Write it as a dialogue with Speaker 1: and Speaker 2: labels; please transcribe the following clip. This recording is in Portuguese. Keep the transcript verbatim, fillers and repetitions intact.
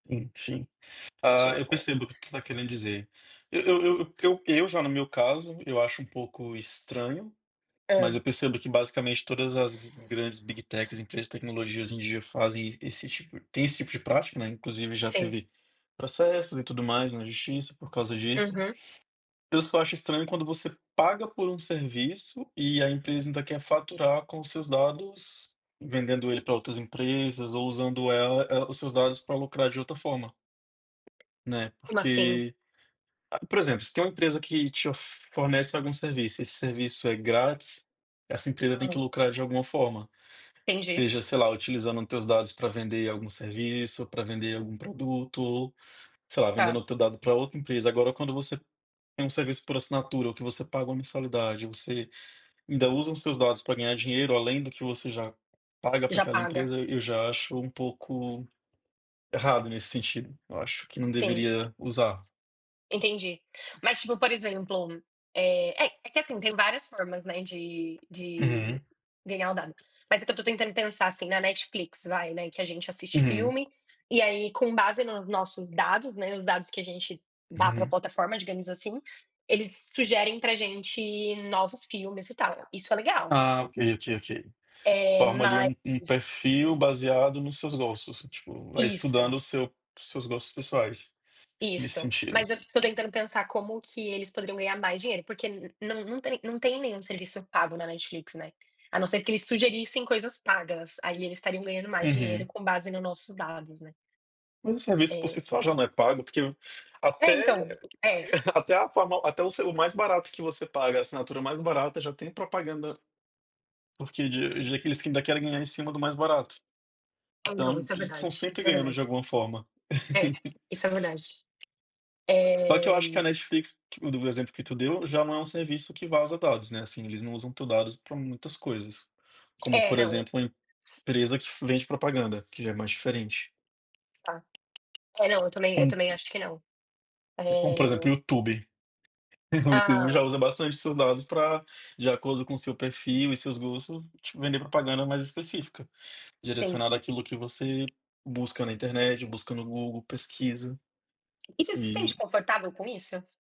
Speaker 1: Enfim, ah, eu
Speaker 2: Tipo
Speaker 1: percebo o que tu tá querendo dizer, eu eu eu eu eu já no meu caso, eu acho um pouco estranho, mas
Speaker 2: Hã.
Speaker 1: eu percebo que basicamente todas as grandes big techs, empresas de tecnologia, hoje em dia fazem esse tipo tem esse tipo de prática, né, inclusive já
Speaker 2: Sim.
Speaker 1: teve processos e tudo mais na justiça por causa disso,
Speaker 2: Uhum.
Speaker 1: eu só acho estranho quando você paga por um serviço e a empresa ainda quer faturar com os seus dados, vendendo ele pra outras empresas ou usando ela é, os seus dados pra lucrar de outra forma né,
Speaker 2: Como assim?
Speaker 1: porque a, por exemplo, se tem uma empresa que te of fornece algum serviço, esse serviço é grátis, essa empresa tem que
Speaker 2: Hã.
Speaker 1: lucrar de alguma forma,
Speaker 2: Entendi.
Speaker 1: seja, sei lá, utilizando teus dados pra vender algum serviço, pra vender algum produto, ou, sei lá,
Speaker 2: Tá.
Speaker 1: vendendo teu dado pra outra empresa, agora, quando você tem um serviço por assinatura ou que você paga uma mensalidade, você ainda usam seus dados pra ganhar dinheiro além do que você já paga para
Speaker 2: Já
Speaker 1: aquela
Speaker 2: paga.
Speaker 1: empresa. E eu já acho um pouco, errado nesse sentido, eu acho que não
Speaker 2: Sim.
Speaker 1: deveria usar.
Speaker 2: Entendi. Mas, tipo, por exemplo, eh, é é que, assim, tem várias formas, né, de de
Speaker 1: Uhum.
Speaker 2: ganhar o dado, mas é que eu tô tentando pensar assim, na Netflix, vai, né, que a gente assiste
Speaker 1: Uhum.
Speaker 2: filme, e aí com base nos nossos dados, né, nos dados que a gente dá pra
Speaker 1: Uhum.
Speaker 2: platoforma, digamos, assim, eles sugerem pra gente novos filmes, e tal, isso é legal.
Speaker 1: Ah, ok, ok, ok,
Speaker 2: Eh,
Speaker 1: forma, ali,
Speaker 2: mas
Speaker 1: um um perfil baseado nos seus gostos, tipo, vai
Speaker 2: Isso.
Speaker 1: estudando o seu seus gostos pessoais, nesse
Speaker 2: Isso,
Speaker 1: sentido.
Speaker 2: mas eu tô tentando pensar como que eles poderiam ganhar mais dinheiro. Porque n não não tem não tem nenhum serviço pago na Netflix, né, a não ser que eles sugerissem coisas pagas, aí eles estariam ganhando mais dinheiro
Speaker 1: Uhum.
Speaker 2: com base nos nossos dados, né.
Speaker 1: Mas o serviço por si
Speaker 2: É.
Speaker 1: só, já, não é pago, porque
Speaker 2: É, então,
Speaker 1: até
Speaker 2: é.
Speaker 1: até a forma até o selo o mais barato que você paga, a assinatura mais barata já tem propaganda porque de de aqueles que ainda querem ganhar em cima do mais barato.
Speaker 2: Ah não,
Speaker 1: Então,
Speaker 2: isso é
Speaker 1: eles são
Speaker 2: verdade,
Speaker 1: sempre
Speaker 2: isso é
Speaker 1: ganhando
Speaker 2: verdade.
Speaker 1: de alguma forma.
Speaker 2: É, isso é verdade.
Speaker 1: Só que eu
Speaker 2: Eh
Speaker 1: acho que a Netflix que o do exemplo que tu deu, já não é um serviço que vaza dados, né, assim, eles não usam teus dados pra muitas coisas, como
Speaker 2: É,
Speaker 1: por
Speaker 2: não,
Speaker 1: exemplo, uma
Speaker 2: s
Speaker 1: empresa que fa vende propaganda, que já é mais diferente.
Speaker 2: Tá! É, não, eu também eu
Speaker 1: Com
Speaker 2: também acho que não.
Speaker 1: É como por
Speaker 2: Eh
Speaker 1: exemplo, o YouTube, o
Speaker 2: Ah.
Speaker 1: YouTube já usa bastante seus dados pra de acordo com o seu perfil e seus gostos te vender propaganda mais específica,
Speaker 2: Sim.
Speaker 1: direcionada àquilo que você busca na internet, busca no Google, pesquisa,
Speaker 2: E você se
Speaker 1: e
Speaker 2: sente confortável com isso?